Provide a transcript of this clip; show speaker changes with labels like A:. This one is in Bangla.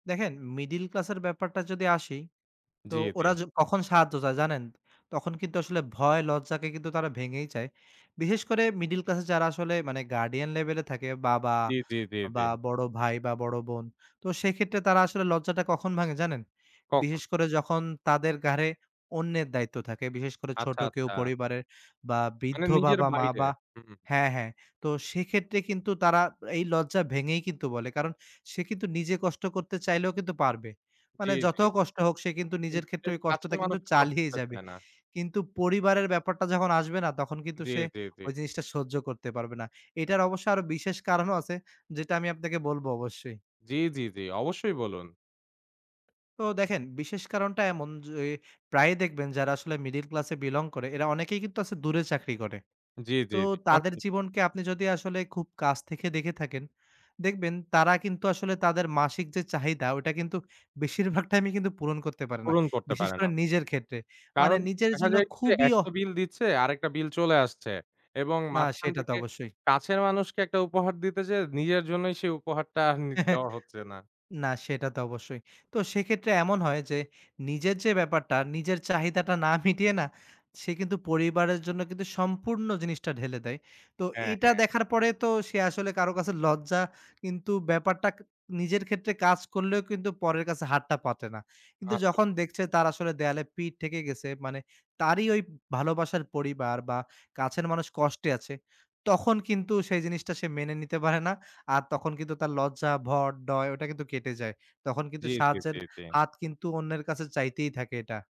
A: দেখেন, মিডেল ক্লাসের ব্যাপারটা যদি আসি, তো
B: জি, জি।
A: ওরা য কখন সাহায্য চায় জানেন? তখন কিন্তু আসলে ভয় লজ্জাকে কিন্তু তারা ভেঙেই চায়। বিশেষ করে মিডেল ক্লাসে যারা আসলে মানে গার্ডিয়ান লেভেলে থাকে, বাবা,
B: জি, জি, জি, জি।
A: বা বড় ভাই, বা বড় বোন, তো সেক্ষেত্রে তারা আসলে লজ্জাটা কখন ভাঙে জানেন?
B: কখন?
A: বিশেষ করে যখন তাদের ঘাড়ে অন্যের দায়িত্ব থাকে। বিশেষ করে ছোট
B: আচ্ছা,
A: কেউ
B: আচ্ছা।
A: পরিবারের বা
B: মানে
A: বৃদ্ধ
B: নিজের
A: বাবা-মা
B: বাইরে।
A: বা
B: হু, হু।
A: হ্যাঁ, হ্যাঁ। তো সেক্ষেত্রে কিন্তু তারা এই লজ্জা ভেঙেই কিন্তু বলে। কারণ সে কিন্তু নিজে কষ্ট করতে চাইলেও কিন্তু পারবে।
B: জি,
A: মানে
B: জি,
A: যত
B: জি।
A: কষ্ট হোক, সে কিন্তু নিজের
B: কিন্তু
A: ক্ষেত্রে ঐ
B: [unintelligible] কাছের
A: কষ্টটা কিন্তু
B: মানুষের
A: চালিয়ে
B: কষ্টটা হতে
A: যাবে।
B: দেয় না।
A: কিন্তু পরিবারের ব্যাপারটা যখন আসবে না? তখন কিন্তু
B: জি,
A: সে
B: জি, জি।
A: ঐ জিনিসটা সহ্য করতে পারবে না। এটার অবশ্য আরো বিশেষ কারণও আছে। যেটা আমি আপনাকে বলবো অবশ্যই।
B: জি, জি, জি। অবশ্যই বলুন।
A: তো দেখেন, বিশেষ কারণটা এমন যে, প্রায়ই দেখবেন যারা আসলে মিডেল ক্লাসে belong করে, এরা অনেকেই কিন্তু আছে দূরে চাকরি করে।
B: জি, জি,
A: তো,
B: জি।
A: তাদের
B: [unintelligible]
A: জীবনকে আপনি যদি আসলে খুব কাছ থেকে দেখে থাকেন, দেখবেন তারা কিন্তু আসলে তাদের মাসিক যে চাহিদা ঐটা কিন্তু বেশিরভাগ টাইমে কিন্তু পূরণ করতে পারে না।
B: পূরণ করতে
A: বিশেষ
B: পারে না।
A: করে নিজের ক্ষেত্রে। মানে
B: কারণ,
A: নিজের
B: দেখা
A: জন্য
B: যায় কি যে,
A: খুবই
B: ১ টা
A: অহ
B: বিল দিচ্ছে, আরেকটা বিল চলে আসছে এবং
A: না,
B: মাঝখান
A: সেটা তো
B: থেকে
A: অবশ্যই।
B: কাছের মানুষকে একটা উপহার দিতে যেয়ে, নিজের জন্যই সেই উপহারটা আর নি দেওয়া হচ্ছে না।
A: না, সেটা তো অবশ্যই। তো সেক্ষেত্রে এমন হয় যে, নিজের যে ব্যাপারটা নিজের চাহিদাটা না মিটিয়ে না, সে কিন্তু পরিবারের জন্য কিন্তু সম্পূর্ণ জিনিসটা ঢেলে দেয়। তো
B: হ্যাঁ,
A: এটা
B: হ্যাঁ।
A: দেখার পরে তো সে আসলে কারো কাছে লজ্জা, কিন্তু ব্যাপারটা ক নিজের ক্ষেত্রে কাজ করলেও কিন্তু পরের কাছে হাতটা পাতে না। কিন্তু
B: আসল।
A: যখন দেখছে তার আসলে দেয়ালে পিঠ ঠেকে গেছে মানে তারই ঐ ভালোবাসার পরিবার বা কাছের মানুষ কষ্টে আছে। তখন কিন্তু সেই জিনিসটা সে মেনে নিতে পারে না। আর তখন কিন্তু তার লজ্জা, ভয়, ডর ঐটা কিন্তু কেটে যায়। তখন কিন্তু
B: জি, জি,
A: সাহায্যের
B: জি, জি।
A: হাত কিন্তু অন্যের কাছে চাইতেই থাকে এটা।